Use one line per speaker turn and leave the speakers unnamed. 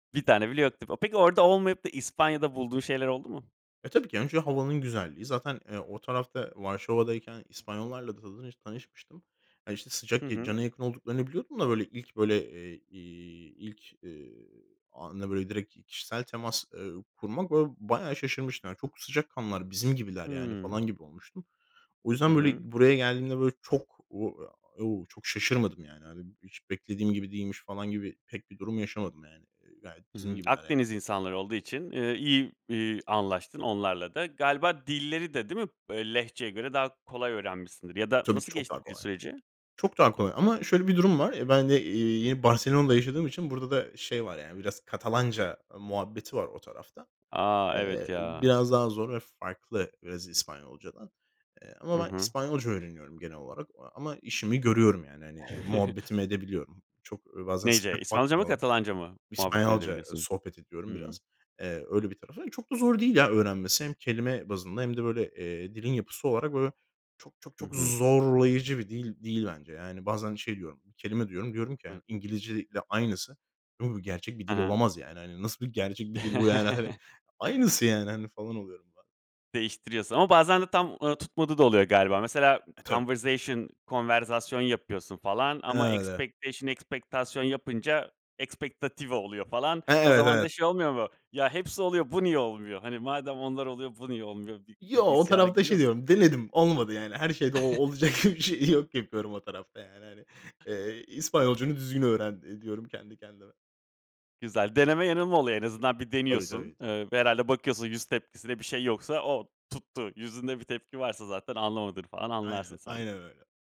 Bir tane bile yok [unintelligible] Peki, orada olmayıp da İspanya'da bulduğun şeyler oldu mu?
Eee, tabii ki, önce havanın güzelliği. Zaten, eee, o tarafta Varşova'dayken İspanyollarla da tanış tanışmıştım. Ya, işte,
Hı
sıcak
hı.
cana yakın olduklarını biliyordum da, böyle, ilk böyle, eee, ilk, eee, anda, böyle, direkt kişisel temas, eee, kurmak, ba bayağı şaşırmıştım. Çok sıcak kanlılar, bizim gibiler, yani,
Hımm.
falan gibi olmuştum. O
Hı
yüzden,
hı.
böyle, buraya geldiğimde, böyle, çok o çok şaşırmadım, yani. Hiç beklediğim gibi değilmiş, falan gibi pek bir durum yaşamadım, yani. Gayet
Hı
bizim
hı.
gibiler, yani.
Akdeniz insanları olduğu için, ııı, iyi, eee, anlaştın onlarla da. Galiba dilleri de, değil mi lehçeye göre daha kolay öğrenmişsindir ya da
Tabii ki,
nasıl
çok daha
geçti dil
kolay.
süreci?
Çok daha kolay ama şöyle bir durum var. Eee, ben de, eee, yeni Barcelona'da yaşadığım için burada da şey var, yani, biraz Katalanca muhabbeti var o tarafta.
A, evet,
Eee,
ya.
biraz daha zor ve farklı biraz İspanyolca'dan. Eee, ama
Hı
ben
hı.
İspanyolca öğreniyorum, genel olarak ama işimi görüyorum, yani, hani, muhabbetimi edebiliyorum. Çok bazen
Neyce,
sıcak
İspanyolca mı
bakmıyorlar.
Katalanca mı muhabbetini
İspanyolca
edebiliyorsun?
sohbet ediyorum biraz.
Hımm.
Eee, öyle bir tarafı. Çok da zor değil, ya, öğrenmesi. Hem kelime bazında hem de, eee, böyle, dilin yapısı olarak, böyle, çok, çok,
Hı
çok
hı.
zorlayıcı bir dil değil bence. Yani, bazen şey diyorum, kelime diyorum diyorum ki,
Evet.
İngilizce ile aynısı. Gerçek bir
He
dil
he.
olamaz, yani. Nasıl bir gerçek bir dil bu, yani, hani? Aynısı, yani, hani, falan oluyorum ba
Değiştiriyorsun ama bazen de tam, ııı, tutmadığı da oluyor, galiba. Mesela,
E, tabii.
conversation konverzasyon yapıyorsun falan ama
Evet, evet.
expectation ekspektasyon yapınca expectative oluyor falan.
He,
O
evet,
zaman da
evet.
şey olmuyor mu? Ya, hepsi oluyor, bu niye olmuyor? Hani, madem onlar oluyor, bu niye olmuyor gibi
Yo,
bir
o
isyana
tarafta
giriyor
şey
musun?
diyorum, denedim. Olmadı, yani. Her şeyde o olacak gibi bir şey yok, yapıyorum o tarafta, yani, hani. Eee, İspanyolcanı düzgün öğren, eee, diyorum, kendi kendime.
Güzel, deneme yanılma oluyor. En azından, bir
Tabii,
deniyorsun.
tabii, tabii.
Eee, herhâlde bakıyorsun yüz tepkisinde bir şey yoksa oh, tuttu. Yüzünde bir tepki varsa zaten, anlamadığını falan
Aynen,
anlarsın sen.
aynen öyle.